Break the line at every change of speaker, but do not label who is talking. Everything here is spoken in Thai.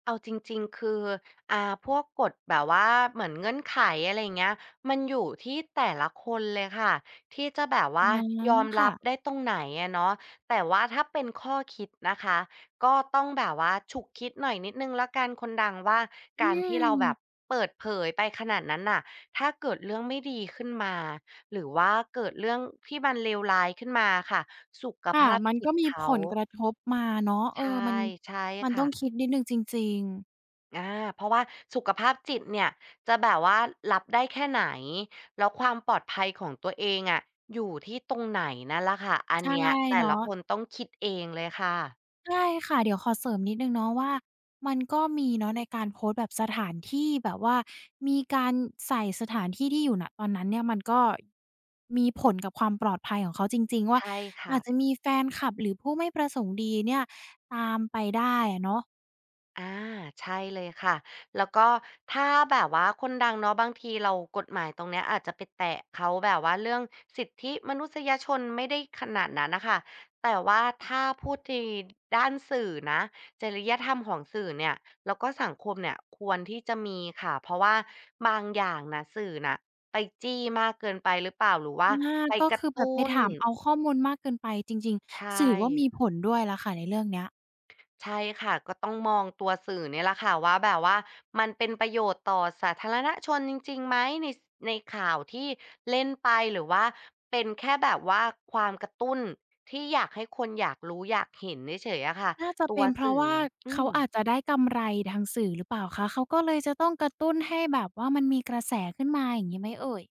เอาจริง ๆ คือ อา พวกกฎแบบว่าเหมือนเงื่อนไข อะไรอย่างเงี้ย มันอยู่ที่แต่ละคนเลยค่ะ ที่จะแบบว
อ
่
า
ายอม
ค
รั
่ะ
บได้ตรงไหนอะเนาะ แต่ว่าถ้าเป็นข้อคิดนะคะ ก็ต้องแบบว่าฉุกคิดหน่อยนิดหนึ่งแล้วกันคนดังว่า
อ
ก
ื
ารที่เราแบบ
ม
เปิดเผยไปขนาดนั้นน่ะ ถ้าเกิดเรื่องไม่ดีขึ้นมา หรือว่าเกิดเรื่องที่มันเลวร้ายขึ้นมาอะค่ะ สุข
ค
ภ
่ะ
าพ
มัน
จิ
ก็
ต
มี
เข
ผ
า
ลกระทบมาเนาะ เ
ใ
อ
ช
อ
่
มัน
ใช่
มัน
ค
ต
่
้อง
ะ
คิดนิดหนึ่งจริง ๆ
อา เพราะว่า สุขภาพจิตเนี่ย จะแบบว่ารับได้แค่ไหน แล้วความปลอดภัยของตัวเองอะ อยู่ที่ตรงไหนนั่นล่ะค่ะ อั
ใ
น
ช่
เนี้ยแต่
เนา
ละ
ะ
คนต้องคิดเองเลยค่ะ
ใช่ค่ะ เดี๋ยวขอเสริมนิดหนึ่งเนาะว่า มันก็มีเนาะในการโพสต์แบบสถานที่แบบว่ามีการใส่สถานที่ที่อยู่ ณ ตอนนั้นเนี่ย มันก็มีผลกับความปลอดภัยของเขาจริง ๆ ว่
ใ
า
ช่ค
อ
่
าจ
ะ
จะมีแฟนคลับ หรือผู้ไม่ประสงค์ดีเนี่ยตามไปได้อะเนาะ
อา ใช่เลยค่ะ แล้วก็ถ้าแบบว่าคนดังเนาะ บางทีเรา กฎหมายตรงนี้อาจจะไปแตะเขาแบบว่าเรื่องสิทธิมนุษยชนไม่ได้ขนาดนั้นน่ะค่ะ แต่ว่าถ้า พูดในด้านสื่อนะ จริยธรรมของสื่อเนี่ย แล้วก็สังคมเนี่ย ควรที่จะมีค่ะ เพราะว่าบางอย่างน่ะ สื่อน่ะไปจี้มากเกินไปหรือเปล่า? หรือว่
อ
า
า
ไป
ก็
กร
ค
ะ
ือ
ต
แบ
ุ้
บไปถ
น
ามเอาข้อมูลมากเกินไปจริง
ใช
ๆ สื่อว่าม
่
ีผลด้วยล่ะค่ะในเรื่องนี้
ใช่ค่ะ ก็ต้องมองตัวสื่อเนี่ยแหละค่ะ ว่าแบบว่า มันเป็นประโยชน์ต่อสาธารณชนจริง ๆ ไหม ใน ในข่าวที่เล่นไป หรือว่าเป็นแค่แบบว่าความกระตุ้น ที่อยากให้คนอยากรู้อยากเห็นเฉย ๆ อะค่ะ
น่าจะ
ต
เป
ัว
็นเพ
ส
รา
ื
ะ
่
ว
อ
่า
อื
เขาอ
ม
าจจะได้กำไรทางสื่อหรือเปล่าคะ? เขาก็เลยจะต้องกระตุ้นให้แบบว่ามันมีกระแสขึ้นมา อย่างงี้ไหมเอ่ย?